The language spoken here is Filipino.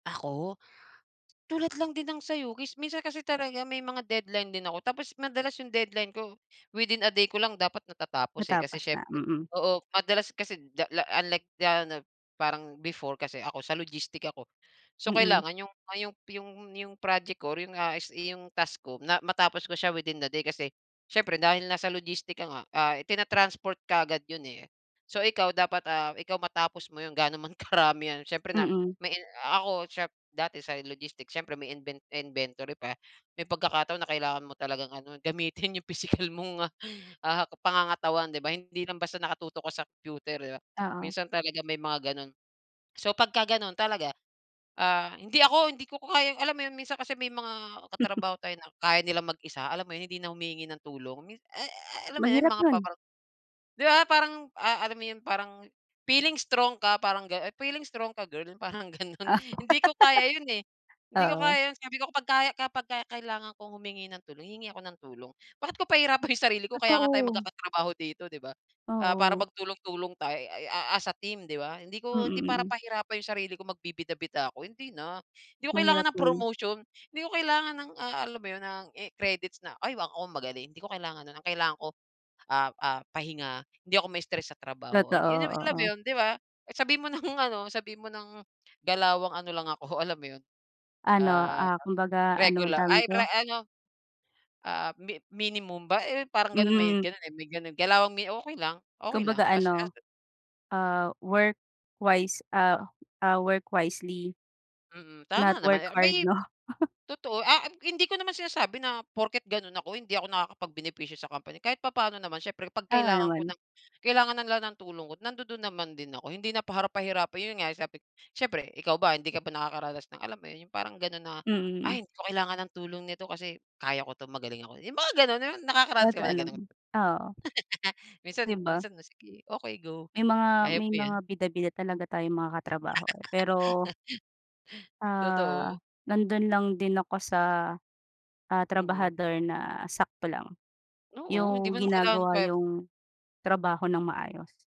Ako? Tulad lang din ng sa'yo mis minsan kasi talaga may mga deadline din ako tapos madalas yung deadline ko, within a day ko lang dapat natatapos eh, kasi Matapos na? siyempre Mm. oo madalas kasi da unlike na no, parang, before kasi ako sa logistics ako. So Mm. kailangan yong ah, yong yong yong project ko or yung, ah, is iyong task ko na matapos ko siya within the day kasi, siyempre dahil nasa logistic ka nga, ah, tinatransport kaagad yun eh. So ikaw dapat, ah, ikaw matapos mo yun gaano man karami yan siyempre nap Mm. na ako dati sa logistics siyempre may inven inventory pa, may pagkakataon na kailangan mo talagang ano, gamitin yung pisikal mong ah, pangangatawan di ba? Hindi lang basta nakatutok ka sa computer, di ba, Oo. minsan talaga may mga ganon. So pagka ganon talaga, ah, hindi ako hindi ko kaya alam mo yun minsan kasi may mga katrabaho tayo na kaya nilang mag-isa alam mo yun hindi na humihingi ng tulong, mins e eh, alam mo yun yung Mahirap mga yun. pa-bar di ba parang, ah, alam mo yun parang feeling strong ka, parang gano feeling strong ka girl? Parang ganun, Ah. hindi ko kaya yun eh. Hindi ko Oo. kaya yun sabi ko pag kaya kapag ka kailangan kong humingi ng tulong hingi ako ng tulong, bakit ko pahihirapan yung sarili ko kaya nga tayo Totoo. magkaka-trabaho dito, di ba? Ah, para Oo. magtulong-tulong tayo ay a as a team di ba? Hindi Mm, ko hindi para mm. pahirapan yung sarili ko magbibida-bida ako hindi na, hindi ko kailangan Mahirap ng yun. promotion, di ko kailangan ng, ah, alam mo yun ng, i credits na ay wa ako magaling hindi ko kailangan non, ang kailangan ko, ah, ah, pahinga hindi ako ma-stress sa trabaho Totoo, yun yun alam mo oo. yun, di ba? Sabihin mo nang ano, sabihin mo ng galawang ano lang ako, alam mo yun? Ano, Ah, ah, kumbaga ano ang regular tawag ay pre dito? ano, ah, mi minimum ba eh, parang ganon may Mm. ganun eh, may ganun galawang mi okey lang okey Kumbaga lang as ano, as ah, work wise, ah, ah, work wisely. Mm, Not tama naman eh workhard may no? totoo ah, hindi ko naman sinasabi na porket ganun ako, hindi ako nakakapag-benepisyo sa company kahit papaano naman siyempre kapag Tama kailangan ko naman. ng kailangan na nila ng tulong ko nandudun naman din ako hindi na para pahirapan yun nga, siyempre ikaw ba hindi ka ba nakakaranas ng, alam mo yun yung parang ganon na, Mm. "Ay hindi ko kailangan ng tulong nito kasi kaya ko ito magaling ako." Yung mga ganun nakakaranas ka ba Totoo ng ganon? naman, oo. Minsan Di ba? minsan, oh sige okey go, May mga kaya may mo mga yan. bida-bida talaga tayong mga ka-trabaho eh pero Totoo. ah, nandun lang din ako sa, ah, Mm. trabahador na sakto lang. Oo, hindi Yung mo kailangan ginagawa pa yung trabaho nang maayos.